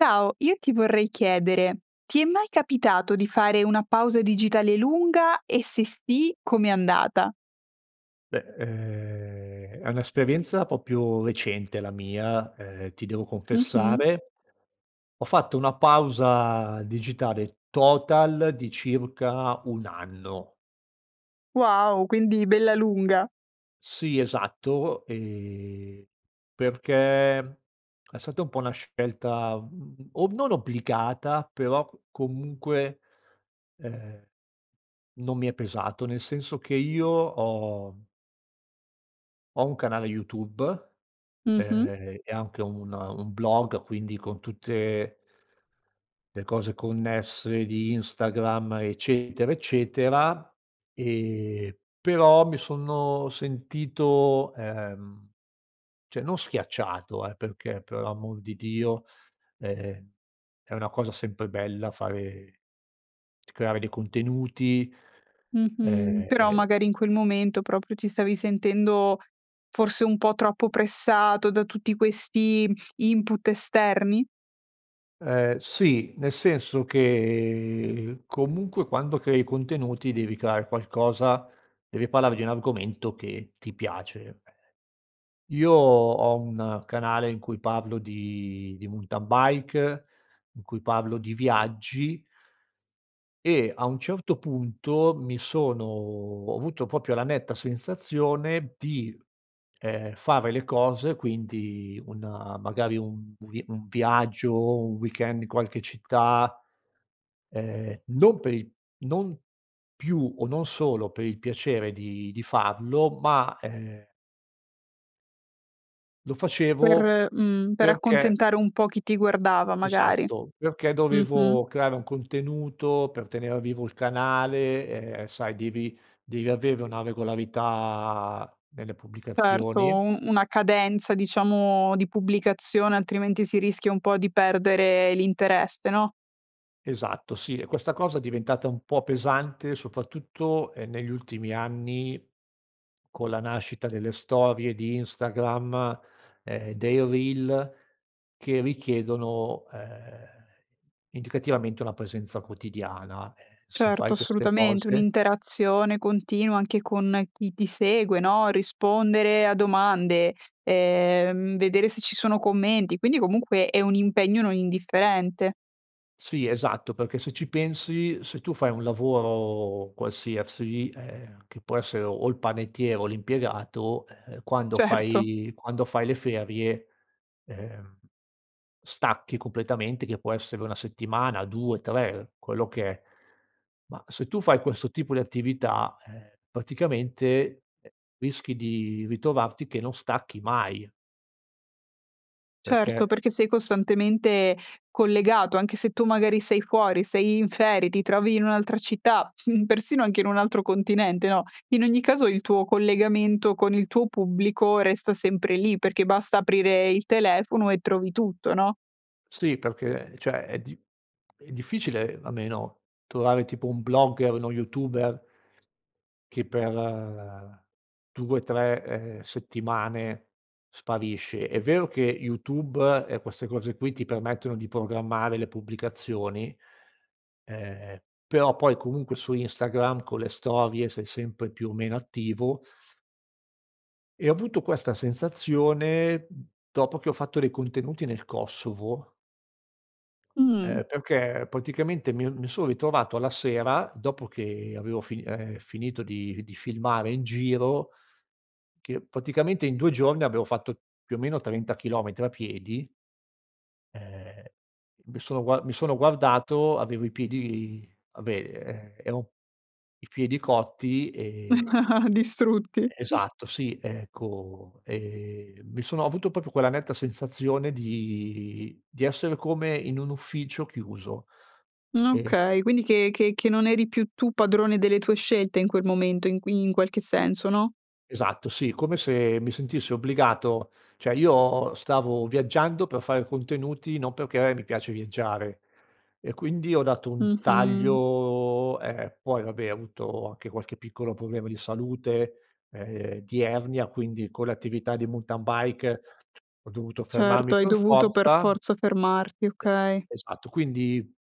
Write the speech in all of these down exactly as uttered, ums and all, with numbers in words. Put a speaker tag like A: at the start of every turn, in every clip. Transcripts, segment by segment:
A: Ciao, io ti vorrei chiedere: ti è mai capitato di fare una pausa digitale lunga e se sì, com'è andata?
B: Beh, ehm, è un'esperienza propio recente la mia, ehm, ti devo
A: Mh-mh.
B: confessare ho fatto una pausa digitale total di circa un anno.
A: Wow! Quindi bella lunga.
B: Sì esatto, ehm, perché è stata un po' una scelta o non obbligata però c comunque, ehm, non mi è pesato. Nel senso che io ho ho un canale YouTube,
A: Mh-mh.
B: ehm, e anche un un blog quindi con tutte le cose connesse di Instagram, eccetera, eccetera, ehm, però mi sono sentito ehm, ceh, non schiacciato, eh, perché per amor di Dio, ehm, è una cosa sempre bella fare creare dei contenuti,
A: Mh-mh, però
B: ehm
A: magari in quel momento proprio ti stavi sentendo, forse, un po' troppo pressato da tutti questi input esterni?
B: Ehm, sì, nel senso che comunque quando crei contenuti devi creare qualcosa, devi parlare di un argomento che ti piace. Io ho un canale in cui parlo di di muntan bike in cui parlo di viaggi e a un certo punto mi sono ho avuto propio la netta sensazione di, ehm, fare le cose quindi una magari un vi un viaggio, un weekend di qualche città, ehm, non per il non più o, non solo, per il piacere di di farlo ma ehm lo
A: Per
B: facevo
A: mhmm, per
B: perché
A: accontentare un po' chi ti guardava magari,
B: Esatto, perché dovevo
A: mh-mh.
B: creare un contenuto, per tenere vivo il canale, ehm, sai devi devi avere una regolarità nelle
A: Certo
B: pubblicazioni.
A: un una cadenza, diciamo, di pubblicazione altrimenti si rischia un po' di perdere l'interesse no?
B: Esatto, sì, e questa cosa è diventata un po' pesante soprattutto, ehm, negli ultimi anni con la nascita delle storie di Instagram, ehm, dei reel che richiedono, ehm, indicativamente una presenza quotidiana, ehm, se
A: Certo,
B: fai queste
A: assolutamente,
B: cose.
A: un'interazione continua anche con chi ti segue no, rispondere a domande, ehm, vedere se ci sono commenti, quindi comunque è un impegno non indifferente.
B: Sì, esatto, perché se ci pensi, se tu fai un lavoro qualsiasi, ehm, che può essere o il panettiere o l'impiegato, ehm, quando
A: Certo.
B: fai quando fai le ferie, ehm, stacchi completamente, che può essere una settimana, due, tre, quello che è, ma se tu fai questo tipo di attività, ehm, praticamente, ehm, rischi di ritrovarti che non stacchi mai.
A: Certo,
B: Perché
A: perché sei costantemente collegato, anche se tu magari sei fuori, sei in ferie, ti trovi in un'altra città, persino anche in un altro continente, no, in ogni caso il tuo collegamento con il tuo pubblico resta sempre lì perché basta aprire il telefono e trovi tutto, no?
B: Sì, perché ceh, è di è difficile almeno trovare tipo un blogger, uno youtuber che per due, tre, ehm, settimane sparisce. È vero che YouTube e queste cose qui ti permettono di programmare le pubblicazioni, ehm, però poi comunque su Instagram con le storie, sei sempre più o meno attivo. E ho avuto questa sensazione dopo che ho fatto dei contenuti nel Kosovo
A: Mh.
B: ehm, perché praticamente mi mi sono ritrovato alla sera dopo che avevo fini ehm, finito di di filmare in giro, che praticamente in due giorni avevo fatto più o meno trenta chilometri a piedi Ehm, mi sono gua mi sono guardato avevo i piedi, vabbè e ero i piedi cotti e
A: Distrutti.
B: Esatto sì, ecco, ehm, mi sono ho avuto proprio quella netta sensazione di di essere come in un ufficio chiuso
A: Mh,
B: e
A: okay quindi che che che non eri più tu padrone delle tue scelte in quel momento in in qualche senso no?
B: Esatto sì, come se mi sentissi obbligato cioè io stavo viaggiando per fare contenuti, non perché mi piace viaggiare e quindi ho dato un
A: Mh-mh.
B: taglio ehm, poi vabbè, ho avuto anche qualche piccolo problema di salute, ehm, di ernia quindi con l'attività di muntan bike ho dovuto
A: Certo
B: fermarmi
A: hai
B: per
A: dovuto per
B: forza,
A: forza fermarti,
B: e
A: okay.
B: esatto, quindi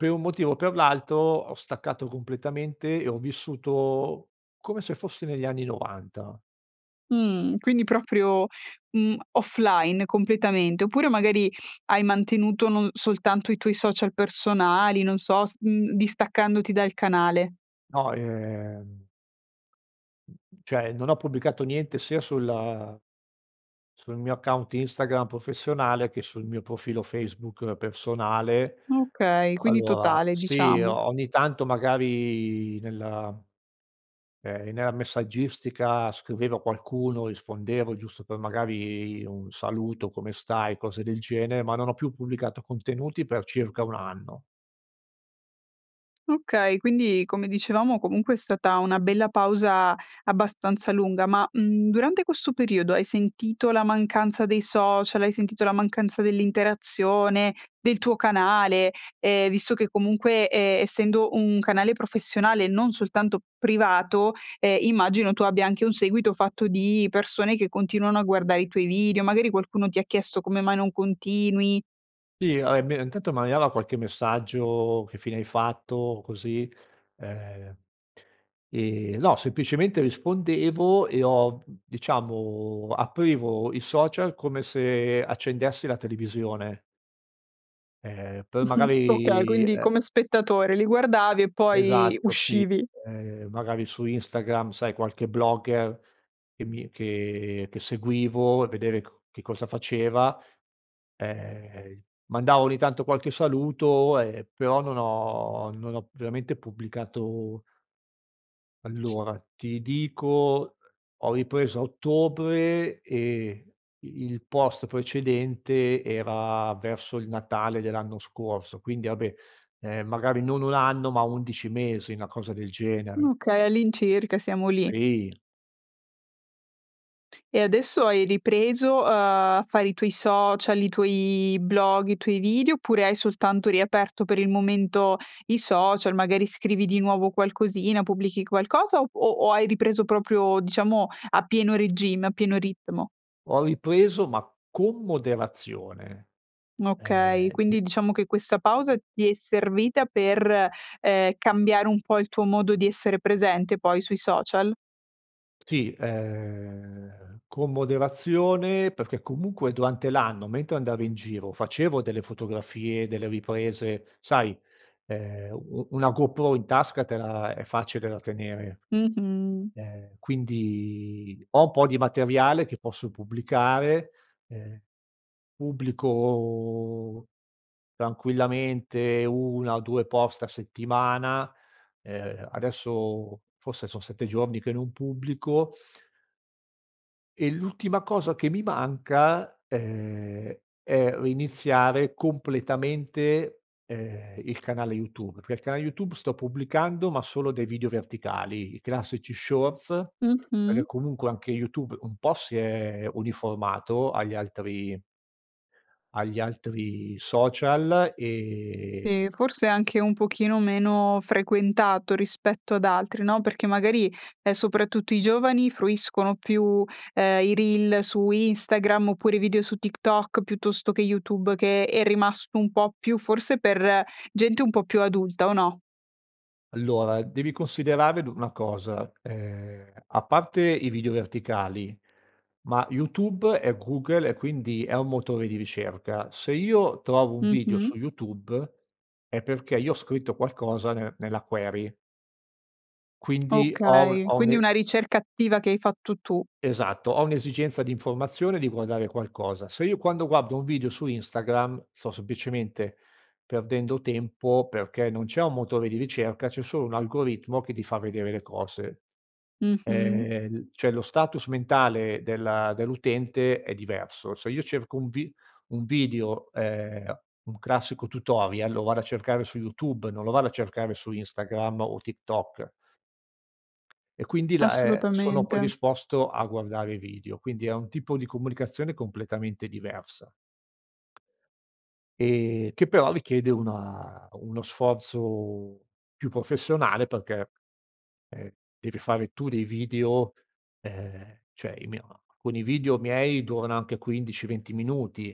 B: per un motivo o per l'altro ho staccato completamente e ho vissuto come se fossi negli anni novanta.
A: Mh, quindi proprio, mhmm, offline completamente oppure magari hai mantenuto non soltanto i tuoi social personali non so s mhmm, distaccandoti dal canale?
B: No, ehm cioè non ho pubblicato niente sia sulla sul mio account Instagram professionale, che sul mio profilo Facebook personale
A: Okay, quindi
B: allora,
A: totale
B: sì,
A: diciamo.
B: ogni tanto magari nella ehm, nella messaggistica scriveva qualcuno, rispondevo giusto per magari un saluto, come stai, cose del genere, ma non ho più pubblicato contenuti per circa un anno.
A: Okay, quindi, come dicevamo, comunque è stata una bella pausa abbastanza lunga, ma, mhmm, durante quesso periodo hai sentito la mancanza dei social? Hai sentito la mancanza dell'interazione, del tuo canale? Ehm, visto che comunque e essendo un canale professionale e non soltanto privato, ehm, immagino che tu abbia anche un seguito fatto di persone che continuano a guardare i tuoi video, magari qualcuno ti ha chiesto: "Come mai non continui?"
B: ì, hai me n tanto m'arrivava qualche messaggio: "Che fine hai fatto?" O così, ehm ehm, no, semplicemente rispondevo e ho diciamo, aprivo il social come se accendessi la televisione. Ehm, per
A: Mh-mh. Okay,
B: magari,
A: quindi
B: ehm
A: come spettatore li guardavi e poi,
B: Esatto, sì,
A: uscivi.
B: ehm, magari su Instagram, sai, qualche blogger che mi che che seguivo e vedere ch che cosa faceva; ehm, mandavo ogni tanto qualche saluto, ehm, però non ho non ho veramente pubblicato Allora, ti dico, ho ripreso a ottobre e i il post precedente era verso il Natale dell'anno scorso, quindi, abè, ehm, magari non un anno, ma undici mesi, na cosa del genere.
A: nuchei, all'incirca, siamo lì.
B: trì.
A: E adesso hai ripreso a a fare i tuoi social, i tuoi blog, i tuoi video, oppure hai soltanto riaperto per il momento i social, magari scrivi di nuovo qualcosina, pubblichi qualcosa o p o o hai ripreso proprio, diciamo, a pieno regime, a pieno ritmo?
B: Ho ripreso, ma con moderazione,
A: N okay.
B: ehm, n
A: Quindi, diciamo che questa pausa ti è servita per, ehm, cambiare un po' il tuo modo di essere presente, poi, sui social?
B: Sì, ehm, con moderazione perché, comunque, durante l'anno, mentre andavo in giro, facevo delle fotografie, delle riprese, sai, ehm, u u una GoPro in tasca te la è facile da tenere,
A: Mh-mh.
B: ehm, quindi, ho un po' di materiale che posso pubblicare, ehm, pubblico tranquillamente una o due post a settimana, uhm, adesso forse son sette giorni che non pubblico e l'ultima cosa che mi manca, ehm, è riniziare completamente, ehm, il canale YouTube, pe l canale YouTube sto pubblicando, ma solo dei video verticali, i classici shorts perghè,
A: Mh-mh.
B: comunque, anche YouTube un po' si è uniformato agli altri agli altri social, ehm
A: E forse anche un pochino meno frequentato rispetto ad altri, no, perché, magari, ehm, soprattutto i giovani, fruiscono più, ehm, i reel su Instagram, oppure i video su TikTok, piuttosto che YouTube, che è rimasto un po' più, forse, per gente un po' più adulta, o no?
B: Allora, devi considerare du na cosa, ehm, a parte i video verticali, ma YouTube è Google, e quindi è un motore di ricerca. Se io trovo un video su
A: Mh-mh.
B: YouTube è perché io ho scritto qualcosa nel nella query quindi ho un
A: Okay.
B: ho un
A: Quindi
B: e
A: una ricerca attiva che hai fatto tu.
B: Esatto, ho un'esigenza di informazione, di guardare qualcosa. Se io, quando guardo un video su Instagram, sto semplicemente perdendo tempo, perché non c'è un motore di ricerca, c'è solo un algoritmo che ti fa vedere le cose.
A: Mh-mh.
B: Ehm, n cioè lo status mentale del dell'utente è diverso. Se io cerco un vi un video, ehm, un classico tutorial, lo vado a cercare su YouTube, non lo vado a cercare su Instagram o TikTok. E quindi la ehm, sono poi
A: Assolutamente.
B: disposto a guardare i video. Quindi, è un tipo di comunicazione completamente diversa, ehm, che però richiede una uno sforzo più professionale perché, ehm, devi fare tu dei video, ehm, ceh, i mie a con i video miei, durano anche quindici venti minuti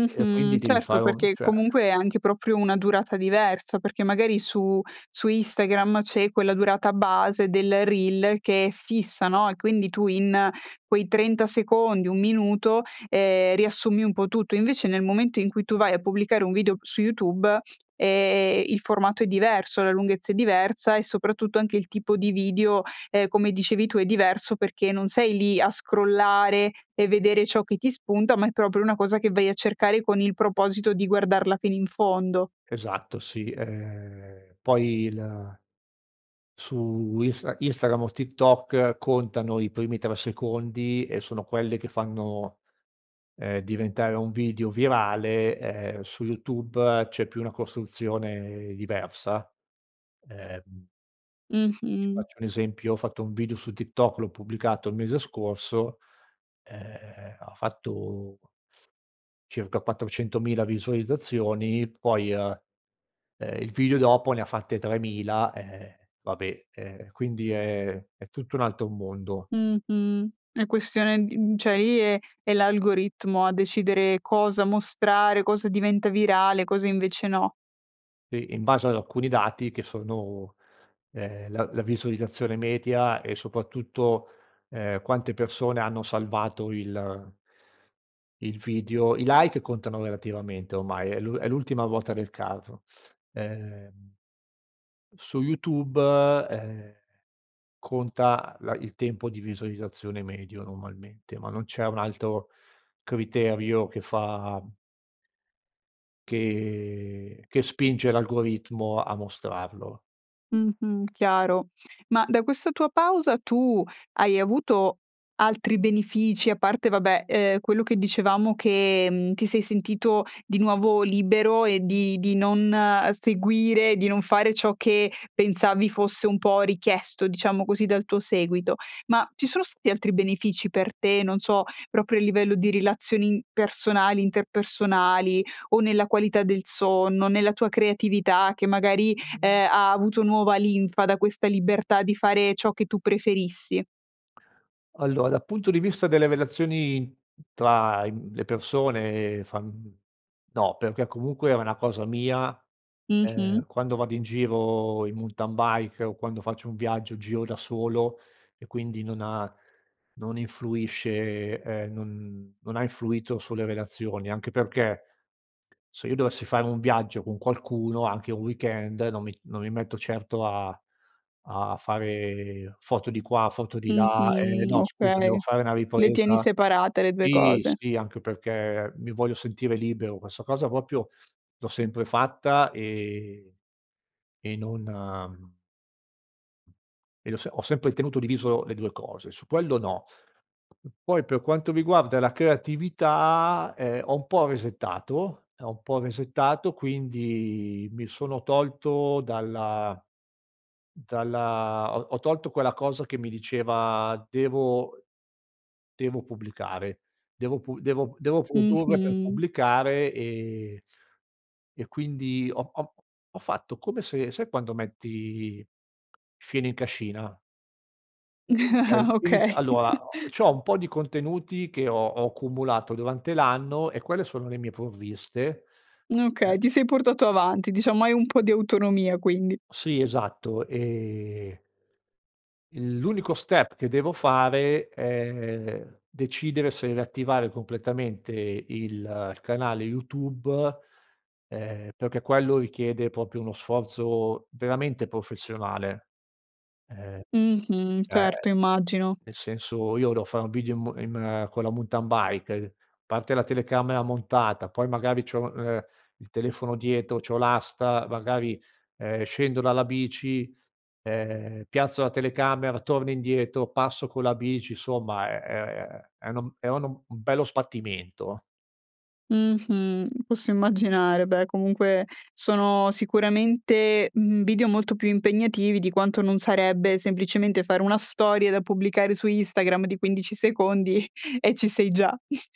B: e quindi devi
A: Certo
B: fare un
A: perché,
B: cioè
A: comunque, è anche proprio una durata diversa, perché magari su su Instagram c'è quella durata base del reel che è fissa, no, e quindi tu in quei trenta secondi, un minuto, ehm, riassumi un po' tutto; invece, nel momento in cui tu vai a pubblicare un video su YouTube, ehm, il formato è diverso, la lunghezza è diversa, e soprattutto anche il tipo di video, ehm, come dicevi tu, è diverso perché non sei lì a scrollare e vedere ciò che ti spunta, ma è proprio una cosa che vai a cercare con il proposito di guardarla fino in fondo.
B: Esatto, sì, ehm. Poi la su Insta Instagram o TikTok contano i primi tre secondi e sono quelle che fanno, ehm, diventare un video virale, ehm, su YouTube c'è più una costruzione diversa, ehm
A: Mh-mh.
B: faccio un esempio, ho fatto un video su TikTok, l'ho pubblicato il mese scorso, ehm, ha fatto circa quattrocentomila visualizzazioni, poi, uhm, ehm, il video dopo ne fatte tremila, ehm, vabbè, ehm, quindi è è tutto un altro mondo.
A: Mh-mh. È questione di mhmm, ceh i e è l'algoritmo a decidere cosa mostrare, cosa diventa virale, cosa invece no.
B: E in base ad alcuni dati che sono, ehm, la la visualizzazione metia e, soprattutto, ehm, quante persone hanno salvato il il video, i like contano relativamente ormai, è l'u è l'ultima ruota del carro. Ehm su YouTube, ehm, conta la il tempo di visualizzazione medio normalmente, ma non c'è un altro criterio che fa m che che spinge l'algoritmo a mostrarlo.
A: Mh-mh, chiaro. Ma, da questa tua pausa, tu hai avuto altri benefici, a parte, vabbè, uhm, quello che dicevamo che, mhmm, ti sei sentito di nuovo libero e di di non, uhm, seguire, di non fare ciò che pensavi fosse un po' richiesto, diciamo così, dal tuo seguito; ma ci sono stati altri benefici per te, non so, proprio a livello di rilazioni in personali, interpersonali, o nella qualità del sonno, nella tua creatività che, magari, ehm, ha avuto nuova linfa da questa libertà di fare ciò che tu preferissi?
B: Allora, dal punto di vista delle relazioni tra i mhmm, le persone fa mhmm, no perché, comunque, è una cosa mia,
A: Mh-mh.
B: ehm, quando vado in giro in muntan bike, o quando faccio un viaggio giro da solo, e quindi non ha non influisce, ehm, non non ha influito sulle relazioni anche perché, se io dovessi fare un viaggio con qualcuno, anche un weekend, non mi non mi metto certo a a fare foto di qua, foto di là "Ehm,
A: Mh-mh.
B: no scusa devo
A: Okay.
B: fare una
A: Le tieni
B: ripresa"
A: separate le due
B: Sì,
A: cose.
B: sì, anche perché mi voglio sentire libero, quessa cosa poprio l'ho sempre fatta, ehm, e non, mhmm ed ho se ho sempre tenuto diviso le due cose, su puello no. Poi, per quanto riguarda la creatività, ehm, ho un po' resettato ho un po' resettato, quindi mi sono tolto dalla dalla ho ho tolto quella cosa che mi diceva: "Devo devo pubblicare, devo pu devo p devo produrre per
A: Mh-mh.
B: pubblicare." Ehm, e quindi ho ho ho fatto come se sai quando metti fieno in cascina eh, quindi c
A: Okay.
B: allora o c'ho un po' di contenuti che ho ho accumulato durante l'anno e quelle sono le mie provviste,
A: Okay,
B: ehm
A: ti sei portato avanti, diciamo, hai un po' di autonomia quindi.
B: Sì, esatto ehm l'unico step che devo fare è decidere se riattivare completamente il il canale YouTube, ehm, perché quello richiede propio uno sforzo veramente professionale, ehm,
A: Mh-mh,
B: ehm,
A: certo, immagino.
B: nel senso io devo fare un video in m in con la muntan bike, uhm, parte la telecamera montata poi, magari, c'ho, ehm, il telefono dietro, c'ho l'asta, magari, ehm, scendo dalla bici, ehm, piazzo la telecamera, torno indietro, passo con la bici, insomma è è è no m è uno m un bello sbattimento.
A: Mh-mh. Posso immaginare. Beh, comunque, sono sicuramente, mhmm, video molto più impegnativi di quanto non sarebbe, semplicemente, fare una storia da pubblicare su Instagram di quindici secondi e ci sei già.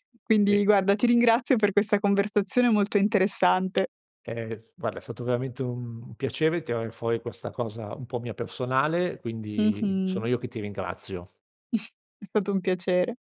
B: Sì.
A: Quindi, guarda, ti ringrazio per questa conversazione molto interessante.
B: Ehm, f guarda è stato veramente un piacere tirare fuori questa cosa un po' mia personale, quindi
A: Mh-mh.
B: sono io che ti ringrazio.
A: È stato un piacere.